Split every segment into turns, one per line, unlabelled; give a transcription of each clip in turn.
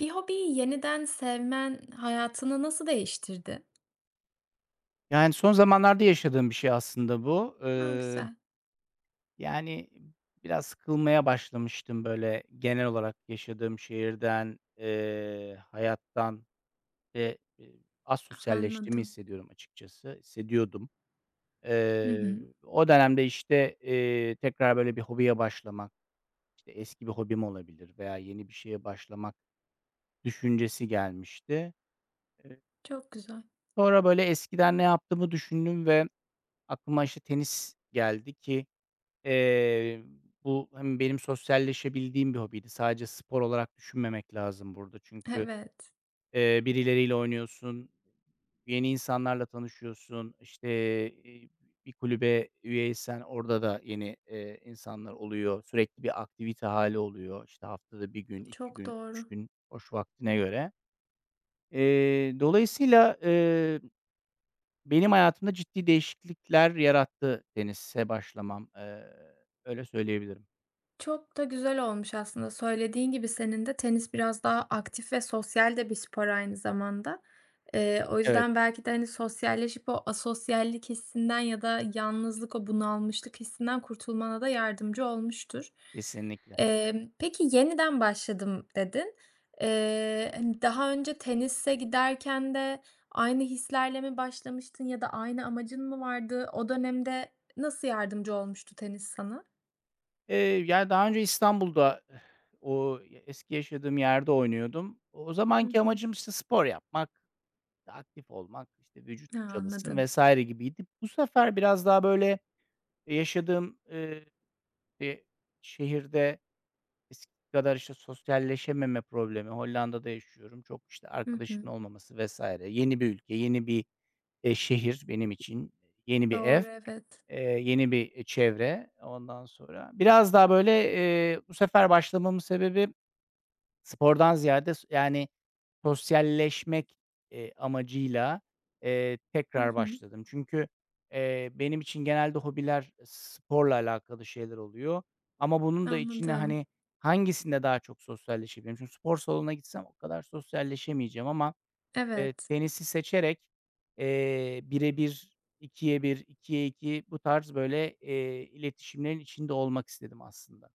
Bir hobiyi yeniden sevmen hayatını nasıl değiştirdi?
Yani, son zamanlarda yaşadığım bir şey aslında bu,
A!
ııı
Güzel.
Yani, biraz sıkılmaya başlamıştım, böyle, genel olarak yaşadığım şehirden, eee, hayattan, eee, e asosyalleştiğimi
Anladım.
hissediyorum açıkçası. Hissediyordum.
Hı
Eee,
hı.
o dönemde, işte, eee, tekrar böyle bir hobiye başlamak, işte, eski bir hobim olabilir veya yeni bir şeye başlamak düşüncesi gelmişti.
Çok güzel.
Sonra, böyle, eskiden ne yaptığımı düşündüm ve aklıma, işte, tenis geldi ki, eee, bu hem benim sosyalleşebildiğim bir hobiydi. Sadece spor olarak düşünmemek lazım burada çünkü,
Evet.
eee, birileriyle oynuyorsun, yeni insanlarla tanışıyorsun, işte, e bir kulübe üye isen orada da yeni, eee, insanlar oluyor. Sürekli bir aktivite hâli oluyor. İşte, haftada 1 gün, 2
Çok
gün, 3
doğru.
gün boş vaktine göre. Eee, dolayısıyla, eee, benim hayatımda ciddi değişiklikler yarattı tenise başlamam. Eee, öyle söyleyebilirim.
Çok da güzel olmuş aslında. Söylediğin gibi senin de tenis biraz daha aktif ve sosyal de bir spor aynı zamanda. Eee, o
Evet.
yüzden belki de, hani, sosyalleşip o asosyallik hissinden ya da yalnızlık, o bunalmışlık hissinden kurtulmana da yardımcı olmuştur.
Kesinlikle.
Emm, peki, "Yeniden başladım." dedin. Eee, hani, daha önce tenise giderken de aynı hislerle mi başlamıştın ya da aynı amacın mı vardı? O dönemde nasıl yardımcı olmuştu tenis sana?
Eee, ya daha önce İstanbul'da o y eski yaşadığım yerde oynuyordum. O o
Hı
zamanki
hı.
amacım, işte, spor yapmak, aktif olmak, işte, vücut
Ha,
çalışsın
anladım.
vs. gibiydi. Bu sefer biraz daha, böyle, yaşadığım, eee, e şehirde eskisi kadar, işte, sosyalleşememe problemi, Hollanda'da yaşıyorum, çok, işte,
Hı hı.
arkadaşımın olmaması vs. Yeni bir ülke, yeni bir, eee, şehir benim için. Yeni bir ev,
Doğru, evet.
eee, yeni bir, eee, çevre. Ondan sonra biraz daha böyle, eee, bu sefer başlamamın sebebi spordan ziyade s yani, sosyalleşmek, eee, amacıyla, eee,
Hı
tekrar
hı.
başladım. Çünkü, eee, benim için genelde hobiler sporla alakalı şeyler oluyor. Ama bunun da içine,
Anladım.
hani, hangisinde daha çok sosyalleşebilirim? Çünkü spor salonuna gitsem o kadar sosyalleşemeyeceğim ama, eee,
Evet.
tenisi seçerek, eee, 1'e 1, 2'ye 1, 2'ye 2 bu tarz böyle, eee, iletişimlerin içinde olmak istedim aslında.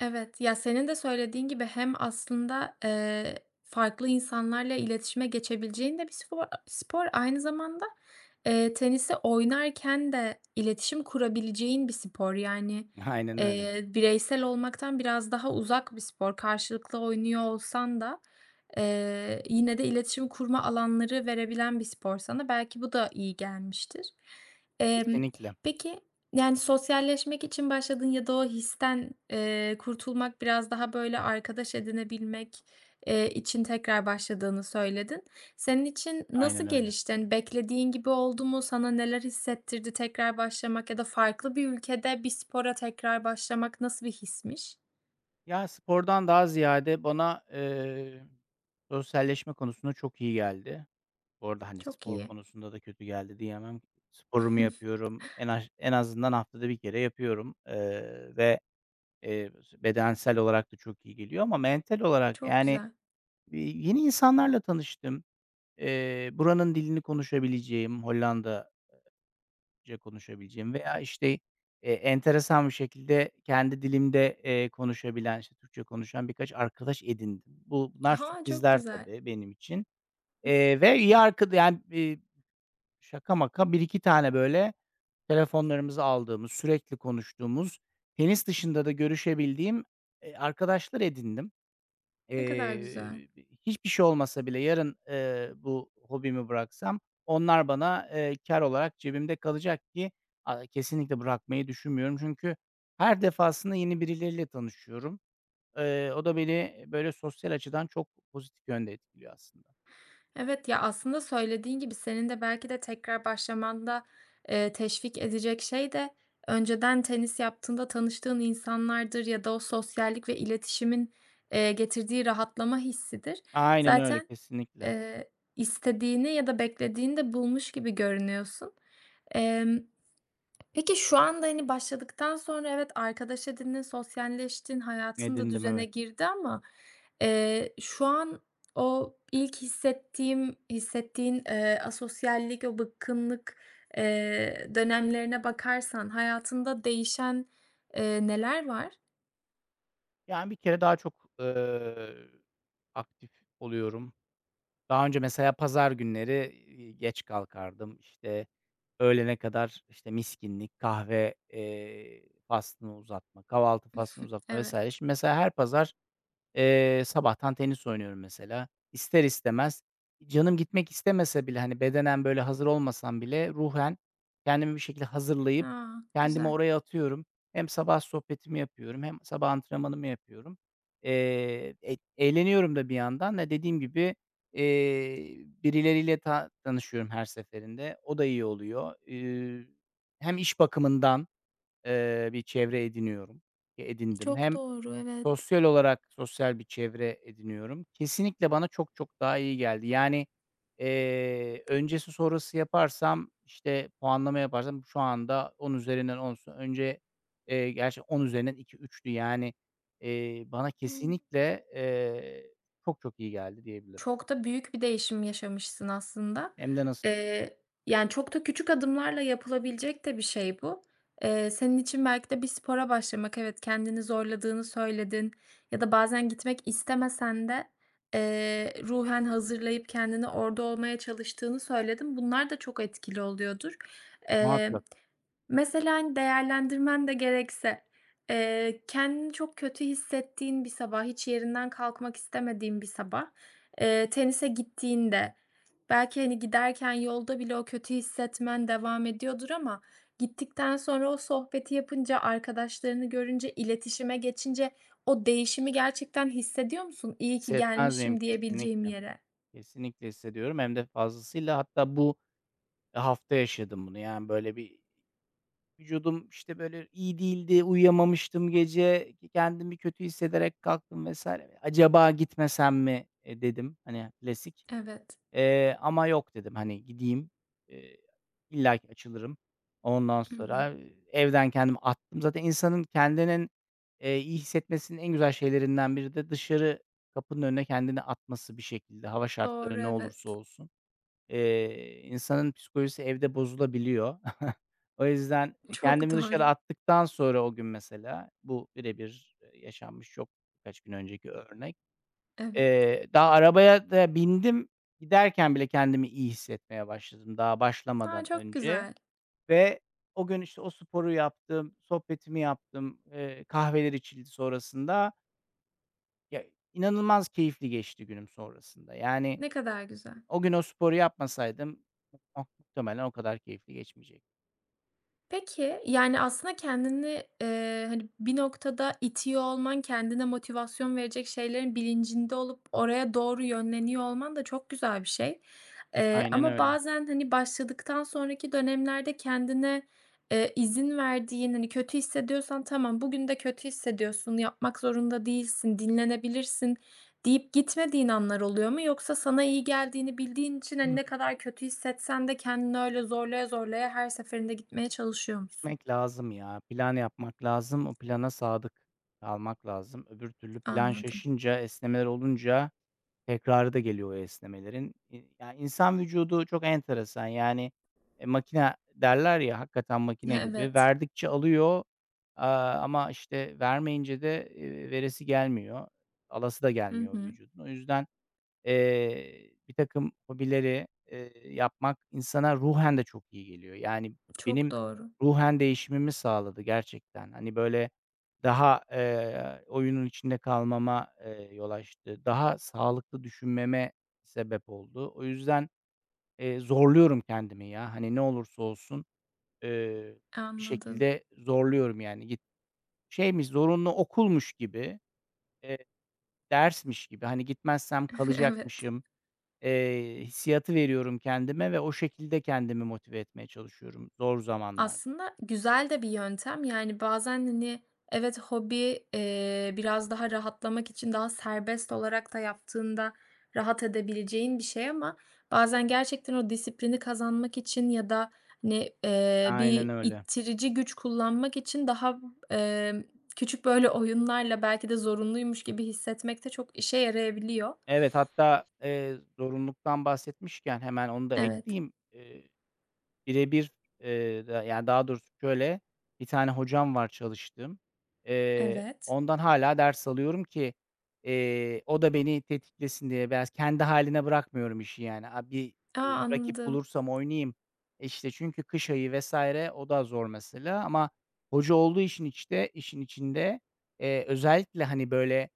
Evet. Ya, senin de söylediğin gibi hem aslında, eee, farklı insanlarla iletişime geçebileceğin de bir spor spor, aynı zamanda, eee, tenisi oynarken de iletişim kurabileceğin bir spor, yani,
Aynen öyle.
eee, bireysel olmaktan biraz daha uzak bir spor, karşılıklı oynuyor olsan da, eee, yine de iletişim kurma alanları verebilen bir spor sana belki bu da iyi gelmiştir. Eee,
Kesinlikle.
peki, yani, sosyalleşmek için başladın ya da o histen, eee, kurtulmak biraz daha, böyle, arkadaş edinebilmek, eee, için tekrar başladığını söyledin. Senin için
Aynen
nasıl
öyle.
gelişti? Hani, beklediğin gibi oldu mu? Sana neler hissettirdi tekrar başlamak ya da farklı bir ülkede bir spora tekrar başlamak nasıl bir hismiş?
Ya, spordan daha ziyade bana, eee, sosyalleşme konusunda çok iyi geldi. Bu arada, hani,
Çok
spor
iyi.
konusunda da kötü geldi diyemem. Sporumu yapıyorum. En aj en azından haftada 1 kere yapıyorum, eee, ve, eee, [unintelligible] bedensel olarak da çok iyi geliyor ama mental olarak,
Çok
yani,
güzel.
eee, yeni insanlarla tanıştım. Eee, buranın dilini konuşabileceğim, Hollanda eee, ca konuşabileceğim veya, işte, e, enteresan bir şekilde kendi dilimde, eee, konuşabilen, işte, Türkçe konuşan birkaç arkadaş edindim. Bu, bunlar
A, çok
sürprizler
güzel.
tabii benim için. Eee, ve iyi arkada yani, eee, şaka maka 1-2 tane, böyle, telefonlarımızı aldığımız, sürekli konuştuğumuz, tenis dışında da görüşebildiğim, eee, arkadaşlar edindim.
Ne kadar güzel.
Eee, [unintelligible] hiçbir şey olmasa bile yarın, eee, bu hobimi bıraksam onlar bana, eee, kâr olarak cebimde kalacak ki a kesinlikle bırakmayı düşünmüyorum. Çünkü her defasında yeni birileriyle tanışıyorum. Eee, o da beni, böyle, sosyal açıdan çok pozitif yönde etkiliyor aslında.
Evet. Ya, aslında söylediğin gibi senin de belki de tekrar başlamanda, eee, teşvik edecek şey de önceden tenis yaptığında tanıştığın insanlardır ya da o sosyallik ve iletişimin, eee, getirdiği rahatlama hissidir.
Aynen öyle,
Zaten,
kesinlikle.
eee, istediğini ya da beklediğini de bulmuş gibi görünüyorsun. Emm, peki, şu anda, hani, başladıktan sonra evet, arkadaş edindin, sosyalleştin, hayatın da
Edindim,
düzene
evet.
girdi ama, eee, şu an o ilk hissettiğim hissettiğin, eee, asosyallik o bıkkınlık, eee, dönemlerine bakarsan hayatında değişen, eee, neler var?
Yani, bir kere daha çok, ııı, aktif oluyorum. Daha önce mesela pazar günleri, iii, geç kalkardım. İşte, öğlene kadar, işte, miskinlik, kahve, eee, faslını uzatma, kahvaltı faslını uzatma vs.
Evet.
Şimdi mesela her pazar, eee, sabahtan tenis oynuyorum mesela. İster istemez canım gitmek istemese bile, hani, bedenen, böyle, hazır olmasam bile, ruhen kendimi bir şekilde hazırlayıp
A!
kendimi
Güzel.
oraya atıyorum. Hem sabah sohbetimi yapıyorum hem sabah antrenmanımı yapıyorum. Eee, eğ eğleniyorum da bir yandan da dediğim gibi, iii, birileriyle ta tanışıyorum her seferinde. O da iyi oluyor. Eee, hem iş bakımından, eee, bir çevre ediniyorum, ki edindim
Çok
hem
doğru, evet.
sosyal olarak sosyal bir çevre ediniyorum. Kesinlikle bana çok çok daha iyi geldi. Yani, eee, öncesi sonrası yaparsam, işte, puanlama yaparsam şu anda 10 üzerinden 10'sa önce, eee, gerçi 10 üzerinden 2-3'tü. Yani, eee, bana
[unintelligible]
kesinlikle, eee, çok çok iyi geldi diyebilirim.
Çok da büyük bir değişim yaşamışsın aslında,
Hem de nasıl.
ııı, yani, çok da küçük adımlarla yapılabilecek de bir şey bu. Eee, senin için belki de bir spora başlamak; evet, kendini zorladığını söyledin ya da bazen gitmek istemesen de, eee, ruhen hazırlayıp kendini orada olmaya çalıştığını söyledin. Bunlar da çok etkili oluyordur. Eee,
Muhakkak.
mesela, hani, değerlendirmen de gerekse, eee, kendini çok kötü hissettiğin bir sabah, hiç yerinden kalkmak istemediğin bir sabah, eee, tenise gittiğinde belki, hani, giderken yolda bile o kötü hissetmen devam ediyordur ama gittikten sonra o sohbeti yapınca, arkadaşlarını görünce, iletişime geçince o değişimi gerçekten hissediyor musun? İyi ki
Hissetmez miyim?
gelmişim diyebileceğim
Kesinlikle.
yere.
Kesinlikle hissediyorum. Hem de fazlasıyla. Hatta bu hafta yaşadım bunu. Yani, böyle, bir vücudum, işte, böyle, iyi değildi, uyuyamamıştım gece. K kendimi kötü hissederek kalktım vs. "Acaba gitmesem mi?" "E," dedim, hani, klasik
Evet.
ama, eee, "yok" dedim, hani, "gideyim." Eee, illaki açılırım. Ondan
Hı hı.
sonra, eee, evden kendimi attım. Zaten insanın kendinin, eee, iyi hissetmesinin en güzel şeylerinden biri de dışarı kapının önüne kendini atması bir şekilde hava
Doğru,
şartları ne
evet.
olursa olsun. Eee, insanın psikolojisi evde bozulabiliyor. O yüzden
Çok
kendimi dışarı
doğru.
attıktan sonra, o gün mesela bu birebir, eee, yaşanmış çok birkaç gün önceki örnek,
Evet.
eee, daha arabaya da bindim. Giderken bile kendimi iyi hissetmeye başladım daha
A!
başlamadan
Çok
önce.
güzel.
Ve o gün, işte, o sporu yaptım, sohbetimi yaptım, eee, kahveler içildi sonrasında. [unintelligible] İnanılmaz keyifli geçti günüm sonrasında. Yani,
Ne kadar güzel.
o gün o sporu yapmasaydım [unintelligible] muhtemelen o kadar keyifli geçmeyecekti.
Peki, yani, aslında kendini, eee, hani, bir noktada itiyor olman, kendine motivasyon verecek şeylerin bilincinde olup oraya doğru yönleniyor olman da çok güzel bir şey. Eee,
Aynen
ama
öyle.
bazen, hani, başladıktan sonraki dönemlerde kendine, eee, izin verdiğin, hani, kötü hissediyorsan, "Tamam, bugün de kötü hissediyorsun, yapmak zorunda değilsin, dinlenebilirsin." deyip gitmediğin anlar oluyor mu? Yoksa sana iyi geldiğini bildiğin için,
Hı
hani,
hı.
ne kadar kötü hissetsen de kendini öyle zorlaya zorlaya her seferinde gitmeye çalışıyor musun?
Gitmek lazım ya. Plan yapmak lazım. O plana sadık kalmak lazım. Öbür türlü plan
Anladım.
şaşınca, esnemeler olunca tekrarı da geliyor o esnemelerin. İii, ya, insan vücudu çok enteresan. Yani, eee, makina derler ya, hakikaten
He,
makine gibi.
evet.
Verdikçe alıyor, aaa, ama, işte, vermeyince de, eee, veresi gelmiyor. Alası da
Hı
gelmiyor
hı.
vücudun. O yüzden, eee, birtakım hobileri, eee, yapmak insana ruhen de çok iyi geliyor. Yani,
Çok
benim
doğru.
ruhen değişimimi sağladı gerçekten. Hani, böyle, daha, eee, oyunun içinde kalmama, eee, yol açtı. Daha sağlıklı düşünmeme sebep oldu. O yüzden, eee, zorluyorum kendimi ya. Hani, ne olursa olsun, eee, bir
Anladım.
şekilde zorluyorum, yani. Git şeymiş, zorunlu okulmuş gibi, eee, dersmiş gibi, hani, gitmezsem
Evet.
kalacakmışım, eee, hissiyatı veriyorum kendime ve o şekilde kendimi motive etmeye çalışıyorum zor zamanlarda.
Aslında güzel de bir yöntem, yani, bazen, hani, evet, hobi, eee, biraz daha rahatlamak için daha serbest olarak da yaptığında rahat edebileceğin bir şey ama bazen gerçekten o disiplini kazanmak için ya da, hani, eee,
Aynen
bir
öyle.
ittirici güç kullanmak için daha, emm, küçük, böyle, oyunlarla belki de zorunluymuş gibi hissetmek de çok işe yarayabiliyor.
Evet, hatta, eee, zorunluluktan bahsetmişken hemen onu da
Evet.
ekleyeyim. Eee, bire bir, eee, da yani, daha doğrusu, şöyle, bir tane hocam var çalıştığım. Eee,
Evet.
ondan hâlâ ders alıyorum ki, eee, o da beni tetiklesin diye biraz. Kendi hâline bırakmıyorum işi, yani. Aaa, bir,
A!
iii, rakip
Anladım.
bulursam oynayayım. İşte, çünkü kış ayı vs. o da zor mesela. Ama hoca olduğu için, işte, işin içinde, eee, özellikle, hani, böyle,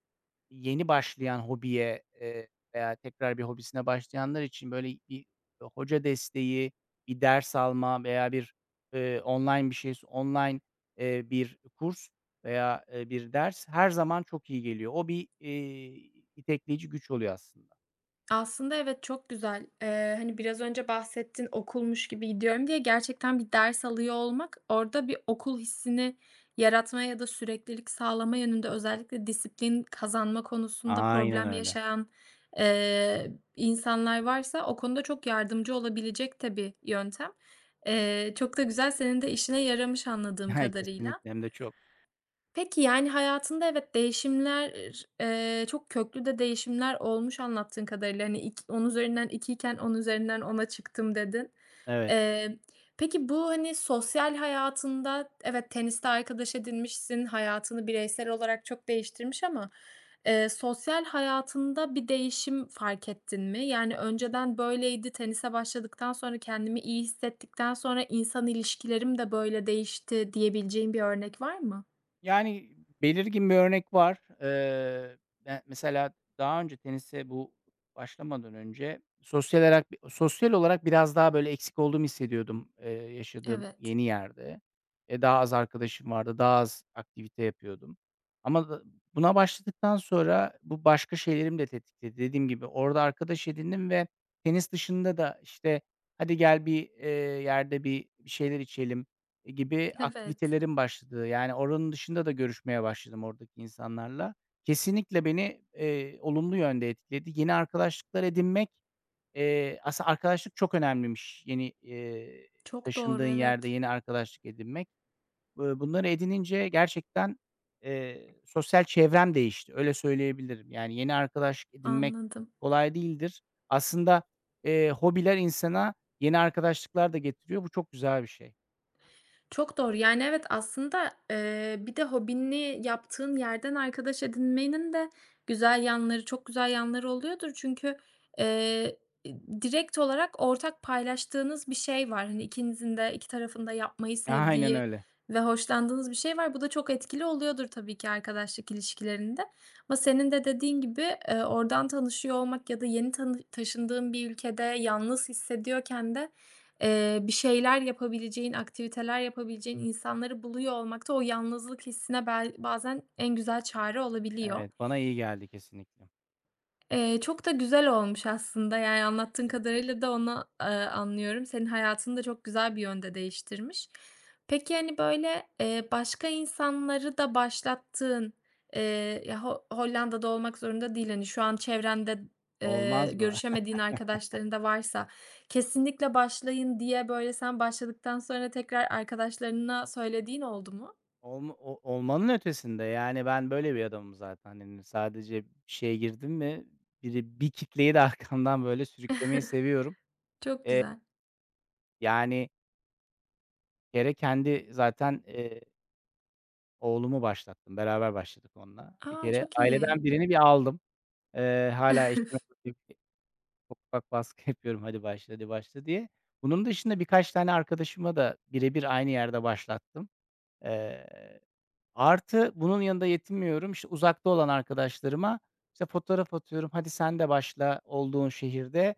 yeni başlayan hobiye, eee, veya tekrar bir hobisine başlayanlar için, böyle, bir hoca desteği, bir ders alma veya bir, eee, online bir şey s online, eee, bir kurs veya, eee, bir ders her zaman çok iyi geliyor. O bir, iii, itekleyici güç oluyor aslında.
Aslında evet, çok güzel, eee, hani, biraz önce bahsettin "Okulmuş gibi gidiyorum." diye gerçekten bir ders alıyor olmak orada bir okul hissini yaratma ya da süreklilik sağlama yönünde özellikle disiplin kazanma konusunda
Aynen
problem
öyle.
yaşayan, eee, insanlar varsa o konuda çok yardımcı olabilecek de bir yöntem. Eee, çok da güzel, senin de işine yaramış anladığım kadarıyla.
Kesinlikle. Hem de çok.
Peki, yani, hayatında evet, değişimler, ııı, çok köklü de değişimler olmuş anlattığın kadarıyla. Hani, ik "10 üzerinden 2'yken, 10 üzerinden 10'a çıktım." dedin.
Evet.
Eee, peki bu, hani, sosyal hayatında evet, teniste arkadaş edinmişsin, hayatını bireysel olarak çok değiştirmiş ama, eee, sosyal hayatında bir değişim fark ettin mi? Yani, önceden böyleydi, tenise başladıktan sonra, kendimi iyi hissettikten sonra insan ilişkilerim de böyle değişti diyebileceğin bir örnek var mı?
Yani, belirgin bir örnek var. Eee, ı ya, mesela daha önce tenise bu başlamadan önce sosyal alak sosyal olarak biraz daha, böyle, eksik olduğumu hissediyordum, ııı, yaşadığım
Evet.
yeni yerde. Eee, daha az arkadaşım vardı. Daha az aktivite yapıyordum. Ama [unintelligible] buna başladıktan sonra bu başka şeylerimi de tetikledi. Dediğim gibi orada arkadaş edindim ve tenis dışında da, işte, "Hadi gel, bir, eee, yerde bir bir şeyler içelim." gibi
Evet.
aktivitelerim başladı. Yani, oranın dışında da görüşmeye başladım oradaki insanlarla. Kesinlikle beni, eee, olumlu yönde etkiledi. Yeni arkadaşlıklar edinmek, eee aslında arkadaşlık çok önemliymiş yeni, eee,
Çok
taşındığın
doğru,
yerde
evet.
yeni arkadaşlık edinmek. Iıı, bunları edinince gerçekten, eee, sosyal çevrem değişti. Öyle, söyleyebilirim. Yani, yeni arkadaşlık edinmek
Anladım.
kolay değildir. Aslında, eee, hobiler insana yeni arkadaşlıklar da getiriyor. Bu çok güzel bir şey.
Çok doğru. Yani, evet, aslında, ııı, bir de hobini yaptığın yerden arkadaş edinmenin de güzel yanları çok güzel yanları oluyordur çünkü, ııı, e, direkt olarak ortak paylaştığınız bir şey var, hani, ikinizin de iki tarafın da yapmayı
Aynen
sevdiği
öyle.
ve hoşlandığınız bir şey var. Bu da çok etkili oluyordur tabii ki arkadaşlık ilişkilerinde ama senin de dediğin gibi, ııı, oradan tanışıyor olmak ya da yeni tanış taşındığın bir ülkede yalnız hissediyorken de, eee, bir şeyler yapabileceğin, aktiviteler yapabileceğin insanları buluyor olmak da o yalnızlık hissine bel bazen en güzel çare olabiliyor.
Evet, bana iyi geldi kesinlikle.
Eee, çok da güzel olmuş aslında, yani, anlattığın kadarıyla da onu, ııı, anlıyorum. Senin hayatını da çok güzel bir yönde değiştirmiş. Peki, hani, böyle, eee, başka insanları da başlattığın, eee, ya, Ho Hollanda'da olmak zorunda değil, hani, şu an çevrende, ııı,
Olmaz mı?
görüşemediğin arkadaşların da varsa "Kesinlikle başlayın." diye, böyle, sen başladıktan sonra tekrar arkadaşlarına söylediğin oldu mu?
Olmo o olmanın ötesinde, yani, ben böyle bir adamım zaten. Hani, sadece bir şeye girdim mi biri bir kitleyi de arkamdan böyle sürüklemeyi seviyorum.
Çok
Eee
güzel.
Yani Bir kere kendi zaten, eee oğlumu başlattım, beraber başladık onunla. Bir
A,
kere
çok iyi.
aileden birini bir aldım. Eee, hâlâ eşime [unintelligible] ufak ufak baskı yapıyorum, "Hadi başla, hadi başla." diye. Bunun dışında birkaç tane arkadaşımı da bire bir aynı yerde başlattım. Eee, artı bunun yanında yetinmiyorum. İşte, uzakta olan arkadaşlarıma, işte, fotoğraf atıyorum, "Hadi, sen de başla olduğun şehirde,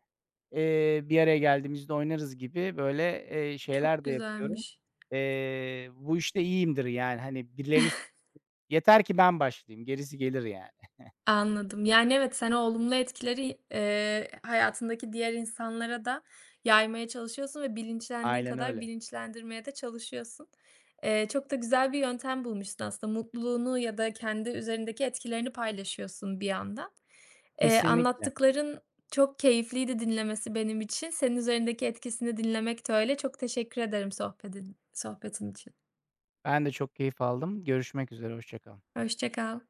eee, bir araya geldiğimizde oynarız." gibi böyle, eee, şeyler
Çok
de yapıyorum.
güzelmiş.
Eee, bu işte iyiyimdir yani. Hani, birilerini sü yeter ki ben başlayayım. Gerisi gelir yani.
Anladım. Yani, evet, sen o olumlu etkileri, ııı, hayatındaki diğer insanlara da yaymaya çalışıyorsun ve bilinçlendiğin
Aynen
kadar
öyle.
bilinçlendirmeye de çalışıyorsun. Eee, çok da güzel bir yöntem bulmuşsun aslında, mutluluğunu ya da kendi üzerindeki etkilerini paylaşıyorsun bir yandan. Eee,
Kesinlikle.
anlattıkların çok keyifliydi dinlemesi benim için, senin üzerindeki etkisini dinlemek de öyle. Çok teşekkür ederim sohbedin sohbetin için.
Ben de çok keyif aldım. Görüşmek üzere, hoşça kal.
Hoşça kal.